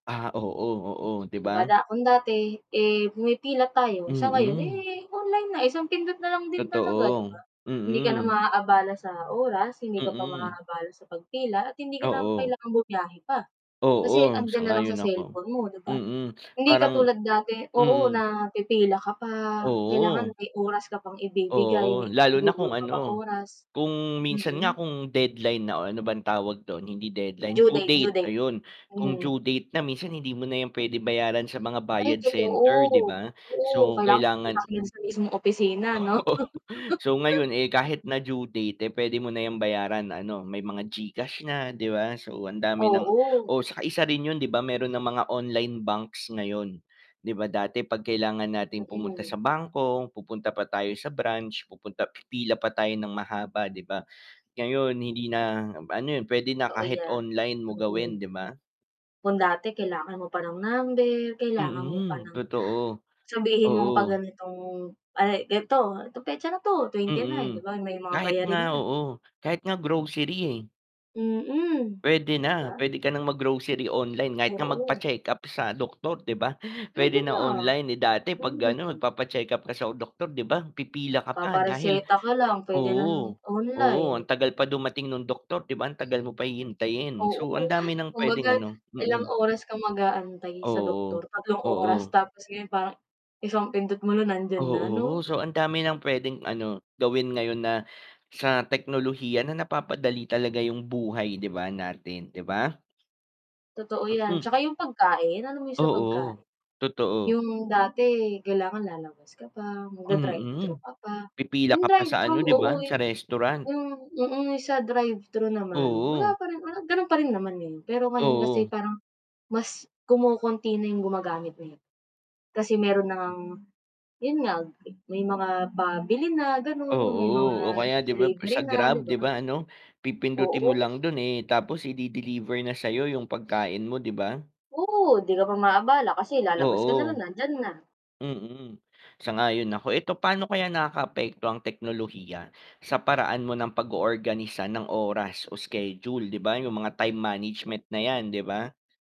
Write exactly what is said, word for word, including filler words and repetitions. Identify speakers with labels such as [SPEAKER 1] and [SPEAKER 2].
[SPEAKER 1] Ah, oo, oo, 'di
[SPEAKER 2] 'Di ba
[SPEAKER 1] ba?
[SPEAKER 2] da kung dati eh, pumipila tayo sa ngayon
[SPEAKER 1] Mm.
[SPEAKER 2] eh, online na, isang pindot na lang din talaga 'di ba?
[SPEAKER 1] Totoo,
[SPEAKER 2] Hindi ka na
[SPEAKER 1] mm.
[SPEAKER 2] maabala sa oras, hindi ka pa
[SPEAKER 1] Mm.
[SPEAKER 2] maabala sa pagpila at hindi ka na
[SPEAKER 1] Oo.
[SPEAKER 2] kailangang bumiyahe pa. Kasi
[SPEAKER 1] Oo,
[SPEAKER 2] 'andiyan na lang sa
[SPEAKER 1] sang-ayon ako.
[SPEAKER 2] cellphone mo 'di ba?
[SPEAKER 1] Mm,
[SPEAKER 2] Hindi
[SPEAKER 1] parang
[SPEAKER 2] katulad dati oo,
[SPEAKER 1] hmm.
[SPEAKER 2] na pipila ka pa, kailangan
[SPEAKER 1] Oo.
[SPEAKER 2] may oras ka pang ibibigay,
[SPEAKER 1] Oo,
[SPEAKER 2] may
[SPEAKER 1] lalo na kung
[SPEAKER 2] igugugol ka pang
[SPEAKER 1] ano,
[SPEAKER 2] oras
[SPEAKER 1] kung minsan nga
[SPEAKER 2] mm.
[SPEAKER 1] kung deadline na o ano bang tawag dun, hindi deadline,
[SPEAKER 2] Due
[SPEAKER 1] due
[SPEAKER 2] date due
[SPEAKER 1] date,
[SPEAKER 2] date.
[SPEAKER 1] ayun. Kung
[SPEAKER 2] Hmm.
[SPEAKER 1] due date na minsan hindi mo na yan puwede bayaran sa mga
[SPEAKER 2] Ay
[SPEAKER 1] bayad
[SPEAKER 2] totoo,
[SPEAKER 1] center 'di ba,
[SPEAKER 2] totoo
[SPEAKER 1] so
[SPEAKER 2] kailangan pumunta
[SPEAKER 1] kailangan
[SPEAKER 2] ka sa mismong opisina 'no?
[SPEAKER 1] Oo, so ngayon eh, kahit na due date eh, pwede mo na yung bayaran ano, may mga Gcash na, 'di ba so ang dami ng
[SPEAKER 2] Oo.
[SPEAKER 1] oo saka isa rin 'yun 'di ba meron ng mga online banks ngayon, 'di ba dati 'pag kailangan nating pumunta
[SPEAKER 2] Mm.
[SPEAKER 1] sa bangko, pupunta pa tayo sa branch, pupunta pipila pa tayo nang mahaba 'di ba, ngayon hindi na ano 'yun puwede na
[SPEAKER 2] Totoo
[SPEAKER 1] kahit
[SPEAKER 2] yan,
[SPEAKER 1] online mo
[SPEAKER 2] mm.
[SPEAKER 1] gawin 'di ba?
[SPEAKER 2] Kung dati kailangan mo pa ng number, kailangan mo pa
[SPEAKER 1] Mm.
[SPEAKER 2] ng
[SPEAKER 1] Totoo.
[SPEAKER 2] sabihin mong 'pag
[SPEAKER 1] Oo.
[SPEAKER 2] ganitong ay, eto, petsa na 'to, twenty-nine 'di
[SPEAKER 1] Mm,
[SPEAKER 2] ba may mga
[SPEAKER 1] kahit nga
[SPEAKER 2] bayarin na.
[SPEAKER 1] oo, kahit nga grocery eh.
[SPEAKER 2] Mm.
[SPEAKER 1] Puwede
[SPEAKER 2] 'Di ba?
[SPEAKER 1] na, puwede ka ng mag-grocery online, kahit nga
[SPEAKER 2] Oo.
[SPEAKER 1] magpa-check-up sa doktor 'di ba?
[SPEAKER 2] Puwede
[SPEAKER 1] Puwede na
[SPEAKER 2] na.
[SPEAKER 1] online, eh, dati 'pag gano
[SPEAKER 2] Mm.
[SPEAKER 1] magpapa-check-up ka sa doktor 'di ba, pipila ka pa dahil
[SPEAKER 2] Papa-reseta ka lang pwede na
[SPEAKER 1] oo, oo,
[SPEAKER 2] online.
[SPEAKER 1] ang tagal pa dumating nung doktor 'di ba ang tagal mo pa hihintayin.
[SPEAKER 2] Oo,
[SPEAKER 1] So ang dami ng
[SPEAKER 2] kumbaga,
[SPEAKER 1] pwedeng ano
[SPEAKER 2] ilang
[SPEAKER 1] mm.
[SPEAKER 2] oras ka mag-aantay sa doktor,
[SPEAKER 1] Oo,
[SPEAKER 2] tatlong oras
[SPEAKER 1] oo.
[SPEAKER 2] tapos ngayon parang isang pindot mo nandiyan na
[SPEAKER 1] Oo,
[SPEAKER 2] 'no?
[SPEAKER 1] so ang dami ng pwedeng ano, gawin ngayon na sa teknolohiya na napapadali talaga yung buhay 'di ba, natin, 'di ba?
[SPEAKER 2] Totoo yan,
[SPEAKER 1] Mm.
[SPEAKER 2] 'tsaka yung pagkain, alam mo yung sa
[SPEAKER 1] Oo,
[SPEAKER 2] pagkain?
[SPEAKER 1] totoo.
[SPEAKER 2] Yung dati kailangan lalabas ka pa, magda-drive thru
[SPEAKER 1] Mm.
[SPEAKER 2] ka pa,
[SPEAKER 1] Pipila ka
[SPEAKER 2] yung
[SPEAKER 1] pa sa ano
[SPEAKER 2] drive-thru,
[SPEAKER 1] 'di
[SPEAKER 2] oo
[SPEAKER 1] ba, sa restaurant.
[SPEAKER 2] yung hmm, mm, sa drive-thru naman,
[SPEAKER 1] Oo.
[SPEAKER 2] wala pa rin, wala ganu'n pa rin naman ngayon pero ngayon kasi
[SPEAKER 1] Oo.
[SPEAKER 2] parang, mas kumokonti na yung gumagamit eh. Kasi meron na
[SPEAKER 1] [unintelligible]
[SPEAKER 2] ngang, 'yun nga, may mga pabili na gano'n may mga
[SPEAKER 1] Oo, 'o kaya 'di ba
[SPEAKER 2] delivery
[SPEAKER 1] sa
[SPEAKER 2] na, di
[SPEAKER 1] Grab 'di
[SPEAKER 2] ba?
[SPEAKER 1] ba ano, pipindutin mo
[SPEAKER 2] Oo.
[SPEAKER 1] lang dun eh, tapos i-de-deliver na sa'yo yung pagkain mo 'di ba?
[SPEAKER 2] Oo. 'Di ka pa maabala kasi lalabas ka na
[SPEAKER 1] Oo.
[SPEAKER 2] lang nandiyan na.
[SPEAKER 1] Mm. Sang-ayon ako. Eto, paano kaya nakaka-apekto ang teknolohiya? Sa paraan mo ng pago-organisa ng oras o schedule 'di ba yung mga time management na yan, 'di ba?